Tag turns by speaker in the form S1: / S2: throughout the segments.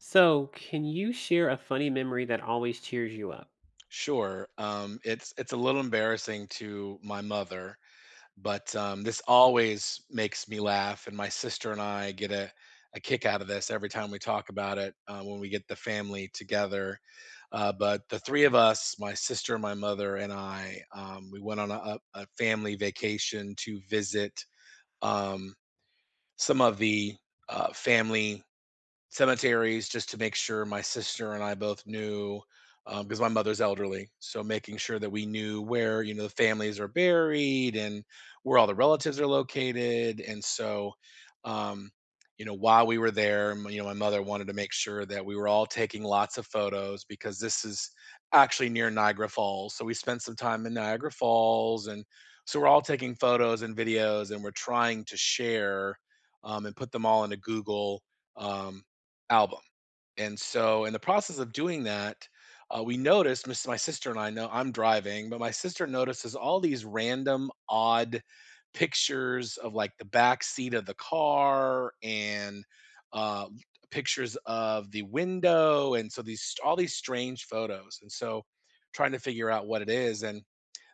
S1: So, can you share a funny memory that always cheers you up?
S2: Sure, um, it's it's a little embarrassing to my mother, but, um, this always makes me laugh, and my sister and I get a a kick out of this, every time we talk about it, uh, when we get the family together. Uh, but, the 3 of us- my sister, my mother, and I- um, we went on a a a family vacation to visit, um, some of the, uh, family cemeteries, just to make sure my sister and I both knew, um 'cause my mother's elderly, so making sure that we knew where, you know, the families are buried, and where all the relatives are located, and, so, um, you know, while we were there, m you know, my mother wanted to make sure that we were all taking lots of photos, because this is actually near Niagara Falls, so we spent some time in Niagara Falls, and so we're all taking photos and videos, and we're trying to share, um, and put them all in a Google, um, album. And, so, in the process of doing that, uh, we noticed my sis my sister and I no I'm driving, but my sister notices all these random, odd pictures of, like, the back seat of the car, and, um, pictures of the window, and so these st all these strange photos, and so, trying to figure out what it is, and,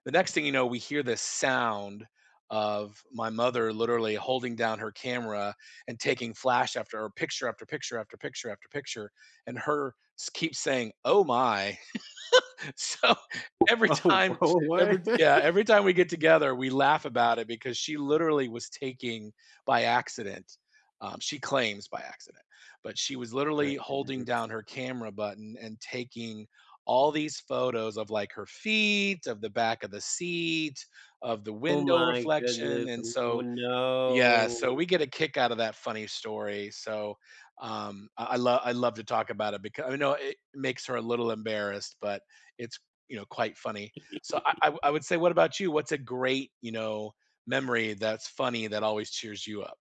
S2: the next thing you know, we hear this sound of my mother literally holding down her camera, and taking flash after a picture, after picture, after picture, after picture, and her s keep saying, "Oh my." So, every
S1: Oh
S2: time
S1: oh,
S2: every
S1: what?
S2: d yeah, every time we get together, we laugh about it, because she literally was taking by accident. Um, she claims "by accident," but she was
S1: Back
S2: literally
S1: in the
S2: holding
S1: days.
S2: down her camera button, and taking all these photos of, like, her feet, of the back of the seat, of the
S1: Oh
S2: window
S1: my
S2: reflection,
S1: goodness,
S2: and
S1: oh
S2: so yeah, so
S1: no.
S2: we get a kick out of that funny story, so, um, I lo I love to talk about it beca you know, it makes her a little embarrassed, but it's, you know, quite funny. So I I wou I would say, what about you? What's a great, you know, memory, that's funny, that always cheers you up?